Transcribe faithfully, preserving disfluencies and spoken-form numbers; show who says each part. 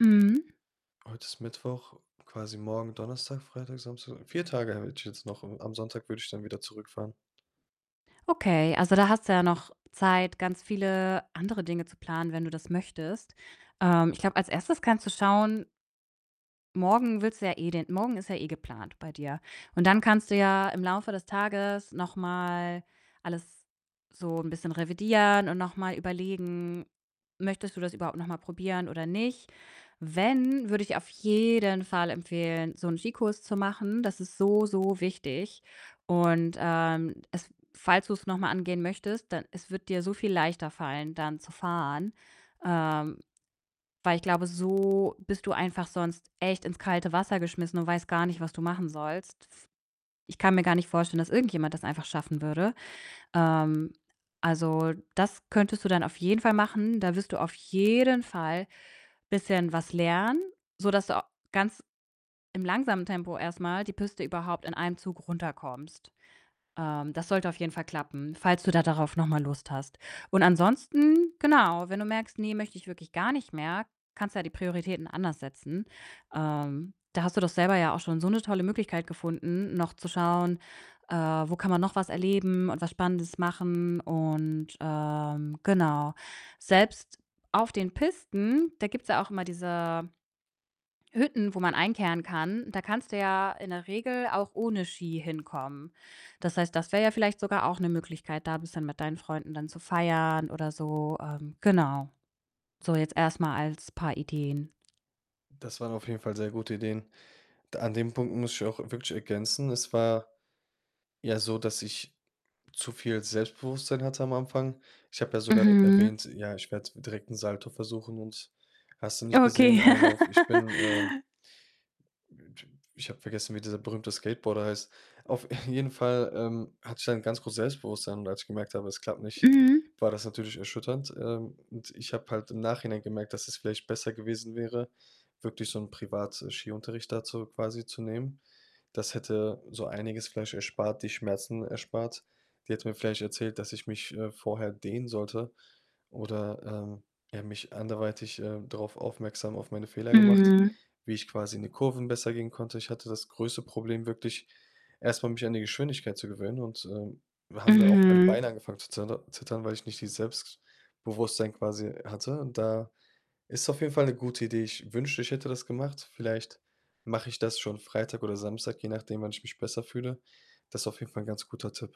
Speaker 1: Mhm.
Speaker 2: Heute ist Mittwoch quasi morgen, Donnerstag, Freitag, Samstag vier Tage hätte ich jetzt noch, und am Sonntag würde ich dann wieder zurückfahren.
Speaker 1: Okay, also, da hast du ja noch Zeit, ganz viele andere Dinge zu planen, wenn du das möchtest. Ähm, ich glaube, als Erstes kannst du schauen morgen willst du ja eh den morgen ist ja eh geplant bei dir und dann kannst du ja im Laufe des Tages noch mal alles so 'n bisschen revidieren und noch mal überlegen: Möchtest du das überhaupt noch mal probieren oder nicht? Wenn, würde ich auf jeden Fall empfehlen, so 'n Ski-Kurs zu machen. Das ist so, so wichtig und, ähm, es falls du's noch mal angehen möchtest, dann es wird dir so viel leichter fallen, dann zu fahren, ähm, weil ich glaube, so bist du einfach sonst echt ins kalte Wasser geschmissen und weißt gar nicht, was du machen sollst. Ich kann mir gar nicht vorstellen, dass irgendjemand das einfach schaffen würde. Ähm, also, das könntest du dann auf jeden Fall machen da wirst du auf jeden Fall bisschen was lernen, sodass du a ganz im langsamen Tempo erst mal die Piste überhaupt in einem Zug runterkommst. Ähm, das sollte auf jeden Fall klappen, falls du da darauf noch mal Lust hast und ansonsten, genau, wenn du merkst: „Ne, möchte ich wirklich gar nicht mehr,“ kannst du ja die Prioritäten anders setzen. Ähm, da hast du doch selber ja auch schon so 'ne tolle Möglichkeit gefunden, noch zu schauen, äh, wo kann man noch was erleben und was Spannendes machen? Und, ähm, genau, selbst auf den Pisten, da gibt's ja auch immer diese Hütten, wo man einkehren kann, da kannst du ja in der Regel auch ohne Ski hinkommen. Das heißt, das wäre ja vielleicht sogar auch 'ne Möglichkeit, da bisschen mit deinen Freunden dann zu feiern oder so, ähm, genau. So jetzt erst mal als paar Ideen.
Speaker 2: Das waren auf jeden Fall sehr gute Ideen. D an dem Punkt muss ich auch wirklich ergänzen, es war ja so, dass ich zu viel Selbstbewusstsein hatte am Anfang. Ich habe ja sogar, äh,
Speaker 1: Mhm.
Speaker 2: erwähnt, ja, ich werde direkt 'n Salto versuchen und hast du nicht
Speaker 1: Okay.
Speaker 2: gesehen, einen auf: „Ich bin, ähm“ äh, t pf ich habe vergessen, wie dieser berühmte Skateboarder heißt. Auf jeden Fall, ähm, hatte ich dann 'n ganz großes Selbstbewusstsein und als ich gemerkt habe, es klappt nicht,
Speaker 1: Mhm.
Speaker 2: war das natürlich erschütternd. Ähm, und ich habe halt im Nachhinein gemerkt, dass es vielleicht besser gewesen wäre, wirklich so 'n Privat äh, Skiunterricht da zu quasi zu nehmen. Das hätte so einiges vielleicht erspart die Schmerzen erspart. Die hätte mir vielleicht erzählt, dass ich mich, äh, vorher dehnen sollte oder, ähm, ja, mich anderweitig, äh, darauf aufmerksam auf meine Fehler gemacht,
Speaker 1: Mhm.
Speaker 2: wie ich quasi in die Kurven besser gehen konnte. Ich hatte das größte Problem wirklich, erst mal mich an die Geschwindigkeit zu gewöhnen und, ähm, haben da auch meine
Speaker 1: Mhm.
Speaker 2: Beine angefangen zu zeter zittern, weil ich nicht dieses Selbstbewusstsein quasi hatte und da ist auf jeden Fall 'ne gute Idee. Ich wünschte, ich hätte das gemacht. Vielleicht mache ich das schon Freitag oder Samstag, je nachdem, wann ich mich besser fühle. Das auf jeden Fall 'n ganz guter Tipp.